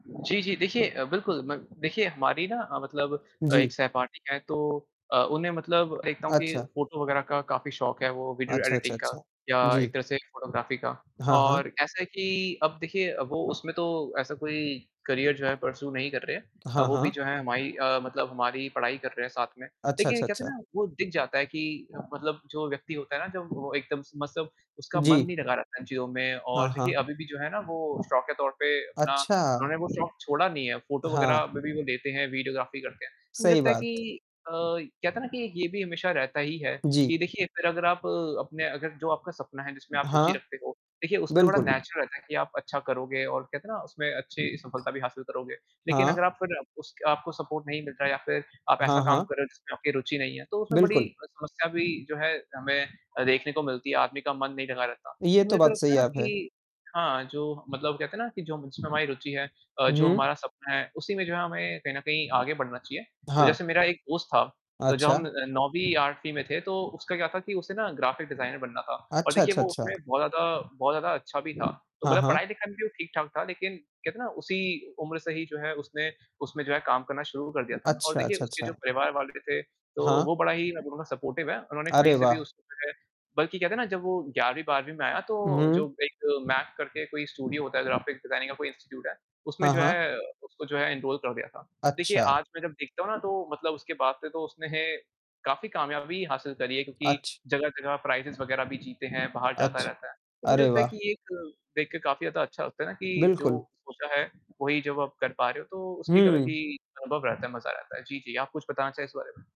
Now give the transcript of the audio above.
जी, जी, देखिए अ, बिल्कुल म देखिए हमारी ना हाँ, मतलब अ, एक जी। सहपाठी है तो अ, उन्हें मतलब देखता हूँ कि अच्छा। फोटो वगैरह का काफ़ी शौक है, वो वीडियो अच्छा, अच्छा, एडिटिंग का, अच्छा। या एक जी। तरह से फ़ोटोग्राफी का हाँ, हाँ। और ऐसा है कि अब देखिए अ, वो उसमें तो ऐसा कोई करियर जो है परस्यू नहीं कर रहे हैं। अ, हाँ, वो भी हाँ। जो है हमाई अ, मतलब हमारी पढ़ाई कर रहे हैं साथ में, अच्छा, लेकिन ये अच्छा, कहते अच्छा। ना वो दिख जाता है कि मतलब जो व्यक्ति होता है ना जब वो एकदम स मसब उसका मन जी। नहीं लगा रहता है इन चीज़ों में और हाँ, देखिए हाँ। अभी भी जो है ना वो शौक के तौर पे अपना अच्छा! उन्होंने वो शौक छोड़ा नहीं है, फोटो वगैरह हाँ। अभी भी वो लेते हैं, वीडियोग्राफी करते हैं। मुझे सही लगता है बात। कि अ, कहते है ना कि एक ये भी हमेशा रहता ही है जी। कि देखिए फिर अगर आप अपने अगर जो आपका सपना है जिसमें आप रुचि हाँ। रखते हो, देखिए उसमें बड़ा बिल्कुल। नेचुरल रहता है कि आप अच्छा करोगे और कहते ना उसमें अच्छी सफलता भी हासिल करोगे। लेकिन हाँ। अगर आप फिर उसक आपको सपोर्ट नहीं मिल रहा है या फिर आप ऐसा हाँ, काम हाँ। कर रहे हो जिसमें आपकी रुचि नहीं है तो उसमें बड़ी बिल्कुल। अ, समस्या भी जो है हमें अ, देखने को मिलती है, आदमी का मन नहीं लगा रहता। ये तो मुझे तो बात लगता सही है ना आप है। कि हाँ जो मतलब कहते ना कि जो जिसमें हमारी रुचि है, अ, हुँ, जो हुँ। हमारा सपना है उसी में जो है हमें कहीं न कहीं आगे बढ़ना चाहिए। तो हाँ। जैसे मेरा एक दोस्त था तो जब अच्छा। हम 9वीं 8वीं में थे, तो उसका क्या था कि उसे ना ग्राफ़िक डिज़ाइनर बनना था और अच्छा, देखिए अच्छा, वो अच्छा। उसमें बहुत ज़्यादा बहुत ज़्यादा अच्छा भी था, तो हाँ, मतलब हाँ। पढ़ाई-लिखाई में भी वो ठीक-ठाक था लेकिन कहते ना उसी उम्र से ही जो है उसने उसमें जो है काम करना शुरू कर दिया था और अच्छा, देखिए अच्छा, उसके जो अच्छा। परिवार वाले थे, तो हाँ। वो बड़ा ही नज़रों में सपोर्टिव हैं। उन्होंने कहीं अरे से भी वाह! उसको जो है बल्कि क्या था ना जब वो 11वीं 12वीं में आया तो हुँ, जो हुँ। एक मैक करके कोई स्टूडियो होता है ग्राफ़िक डिज़ाइनिंग का कोई इंस्टिट्यूट है, उसमें हाँ, जो हाँ। है उसको जो है एनरोल कर दिया था। देखिए अच्छा। आज मैं जब देखता हूँ ना तो मतलब उसके बाद से तो उसने काफ़ी कामयाबी हासिल करी है क्योंकि अच जगह-जगह प्राइज़ेज़ वगैरह भी जीते हैं, बाहर जाता अच रहता है। तो मुझे अरे लगता है कि वाह! ये एक देख के काफ़ी ज़्यादा अच्छा लगता है ना कि जो बिल्कुल। सोचा है वही जब आप कर पा रहे हो तो उसके अलग हुँ। ही अनुभव रहता है, मजा आ जाता है। जी, जी, आप कुछ बताना चाहें इस बारे में?